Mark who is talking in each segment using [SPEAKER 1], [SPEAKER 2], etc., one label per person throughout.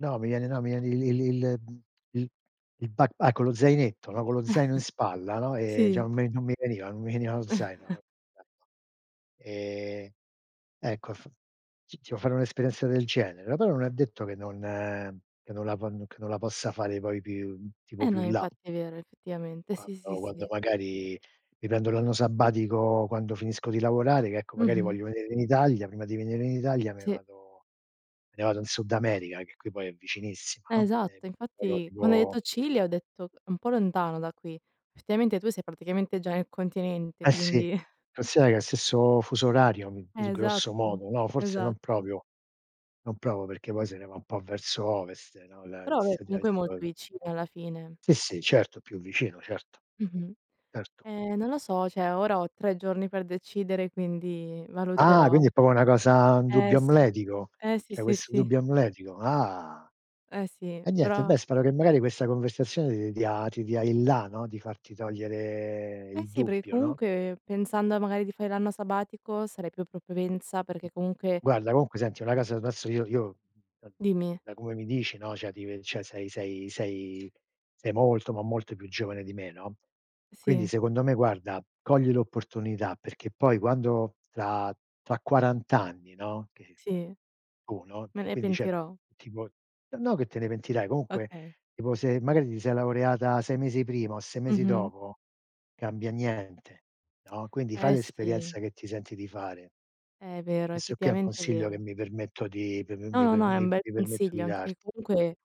[SPEAKER 1] No, mi viene no, mi viene il il il uhm, il il backpack con lo zainetto, no? Con lo zaino in spalla, no? E
[SPEAKER 2] Sì.
[SPEAKER 1] diciamo, me non mi veniva, non mi veniva lo zaino. [unintelligible] Ehm, ecco, f ti ti vuoi fare un'esperienza del genere. [unintelligible] non è detto che non, ehm, che non la ponno che non la possa fare poi più tipo
[SPEAKER 2] Eh,
[SPEAKER 1] più
[SPEAKER 2] no
[SPEAKER 1] in là.
[SPEAKER 2] infatti è vero, effettivamente,
[SPEAKER 1] Quando
[SPEAKER 2] sì, sì,
[SPEAKER 1] quando
[SPEAKER 2] sì.
[SPEAKER 1] magari mi prendo l'anno sabbatico, quando finisco di lavorare, che ecco, magari
[SPEAKER 2] Mh-mh.
[SPEAKER 1] voglio venire in Italia, prima di venire in Italia me
[SPEAKER 2] Sì.
[SPEAKER 1] vado me ne vado in Sud America, che qui poi è vicinissima,
[SPEAKER 2] Eh,
[SPEAKER 1] no? Ehm,
[SPEAKER 2] esatto,
[SPEAKER 1] però
[SPEAKER 2] infatti quando hai
[SPEAKER 1] tipo
[SPEAKER 2] detto Cile, ho detto: "È un po' lontano da qui". Effettivamente, tu sei praticamente già nel continente,
[SPEAKER 1] Eh, sì,
[SPEAKER 2] quindi
[SPEAKER 1] considera che è o stesso fuso orario, uhm, s
[SPEAKER 2] Eh,
[SPEAKER 1] grosso
[SPEAKER 2] esatto,
[SPEAKER 1] modo, no? Forse non
[SPEAKER 2] esatto.
[SPEAKER 1] proprio, non proprio perché poi se ne va un po' verso ovest, no, la
[SPEAKER 2] Però vabbè, comunque è molto
[SPEAKER 1] [unintelligible]
[SPEAKER 2] vicina, alla fine.
[SPEAKER 1] Sì, sì, certo, più vicino, certo,
[SPEAKER 2] Mh-mh.
[SPEAKER 1] certo.
[SPEAKER 2] Ehm, non lo so, cioè ora ho 3 giorni per decidere, quindi
[SPEAKER 1] Ah,
[SPEAKER 2] valuterò.
[SPEAKER 1] quindi, è proprio una cosa un
[SPEAKER 2] Eh,
[SPEAKER 1] dubbio
[SPEAKER 2] sì.
[SPEAKER 1] amletico.
[SPEAKER 2] Eh, sì,
[SPEAKER 1] C'hai
[SPEAKER 2] sì,
[SPEAKER 1] questo
[SPEAKER 2] sì.
[SPEAKER 1] dubbio amletico. Ah.
[SPEAKER 2] Eh, sì.
[SPEAKER 1] Eh, niente,
[SPEAKER 2] Però
[SPEAKER 1] beh spero che magari questa conversazione ti dia ti dia il la, no, di farti togliere
[SPEAKER 2] Eh,
[SPEAKER 1] il
[SPEAKER 2] sì, perché
[SPEAKER 1] dubbio, no?
[SPEAKER 2] comunque, pensando a magari di fare l'anno sabbatico, sarei più propensa, perché comunque
[SPEAKER 1] Guarda, comunque senti, una casa, adesso io io da
[SPEAKER 2] Dimmi.
[SPEAKER 1] da come mi dici, no? Cioè, ti ve cioè sei sei sei sei molto, ma molto più giovane di me, no? Quindi,
[SPEAKER 2] Sì.
[SPEAKER 1] secondo me guarda, cogli l'opportunità perché poi quando, tra tra quarant'anni, no? Che poi
[SPEAKER 2] Sì.
[SPEAKER 1] tu, no,
[SPEAKER 2] Me
[SPEAKER 1] tu
[SPEAKER 2] ne
[SPEAKER 1] quindi cioè
[SPEAKER 2] pentirò.
[SPEAKER 1] tipo ehm no che te ne pentirai, comunque
[SPEAKER 2] Okay.
[SPEAKER 1] tipo, se magari ti sei laureata 6 mesi prima o 6 mesi
[SPEAKER 2] Mh-mh.
[SPEAKER 1] dopo, cambia niente, no? Quindi, fai
[SPEAKER 2] Eh, sì.
[SPEAKER 1] l'esperienza che ti senti di fare.
[SPEAKER 2] Eh, è vero,
[SPEAKER 1] Questo qui è un
[SPEAKER 2] effettivamente è
[SPEAKER 1] consiglio che
[SPEAKER 2] vero.
[SPEAKER 1] mi permetto di prop
[SPEAKER 2] No,
[SPEAKER 1] mi
[SPEAKER 2] no,
[SPEAKER 1] per
[SPEAKER 2] no, è un
[SPEAKER 1] mi
[SPEAKER 2] bel
[SPEAKER 1] mi permetto di
[SPEAKER 2] consiglio, anche perché
[SPEAKER 1] darti.
[SPEAKER 2] comunque,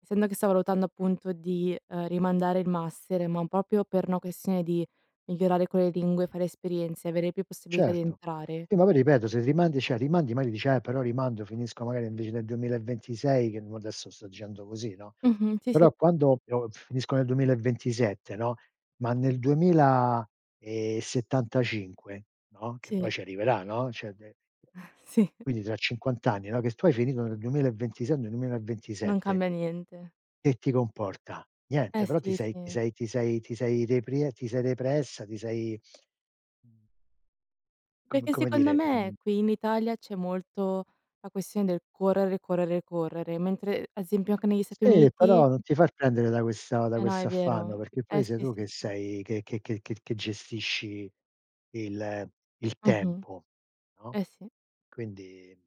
[SPEAKER 2] essendo che sto valutando appunto di, ehm, rimandare il master, ma proprio per una questione di migliorare quelle lingue, fare esperienze e avere più possibilità di
[SPEAKER 1] Certo.
[SPEAKER 2] entrare
[SPEAKER 1] Sì, ma poi ripeto, se rimandi, cioè, rimandi magari dici: "Eh, però rimando finisco, magari invece del 2026", che mo adesso sto dicendo così, no?
[SPEAKER 2] Mh-mh, sì, sì.
[SPEAKER 1] Però, quando io finisco nel 2027, no? Ma nel 2075, no? Che
[SPEAKER 2] Sì.
[SPEAKER 1] poi ci arriverà, no? Cioè devi
[SPEAKER 2] Sì.
[SPEAKER 1] Quindi tra 50 anni, no, che tu hai finito nel 2026, o nel duemila e
[SPEAKER 2] Non
[SPEAKER 1] ventisette
[SPEAKER 2] cambia niente.
[SPEAKER 1] che ti comporta? Niente,
[SPEAKER 2] Eh,
[SPEAKER 1] però ti
[SPEAKER 2] sì,
[SPEAKER 1] sei ti
[SPEAKER 2] sì.
[SPEAKER 1] sei ti sei ti sei reprie ti sei repressa, ti sei, uhm, com
[SPEAKER 2] Perché
[SPEAKER 1] come
[SPEAKER 2] secondo
[SPEAKER 1] dire,
[SPEAKER 2] me,
[SPEAKER 1] mhmm
[SPEAKER 2] qui in Italia, c'è molto la questione del correre, correre, correre, mentre, a esempio anche negli Stati
[SPEAKER 1] Sì,
[SPEAKER 2] Uniti
[SPEAKER 1] però non ti far prendere da questa da
[SPEAKER 2] Eh, no
[SPEAKER 1] questo
[SPEAKER 2] è
[SPEAKER 1] affanno,
[SPEAKER 2] vero.
[SPEAKER 1] perché
[SPEAKER 2] Eh,
[SPEAKER 1] poi sei
[SPEAKER 2] sì,
[SPEAKER 1] tu
[SPEAKER 2] sì,
[SPEAKER 1] che
[SPEAKER 2] sì.
[SPEAKER 1] sei che che che che che gestisci il il
[SPEAKER 2] Mh-mh.
[SPEAKER 1] tempo, no?
[SPEAKER 2] Eh, sì.
[SPEAKER 1] Quindi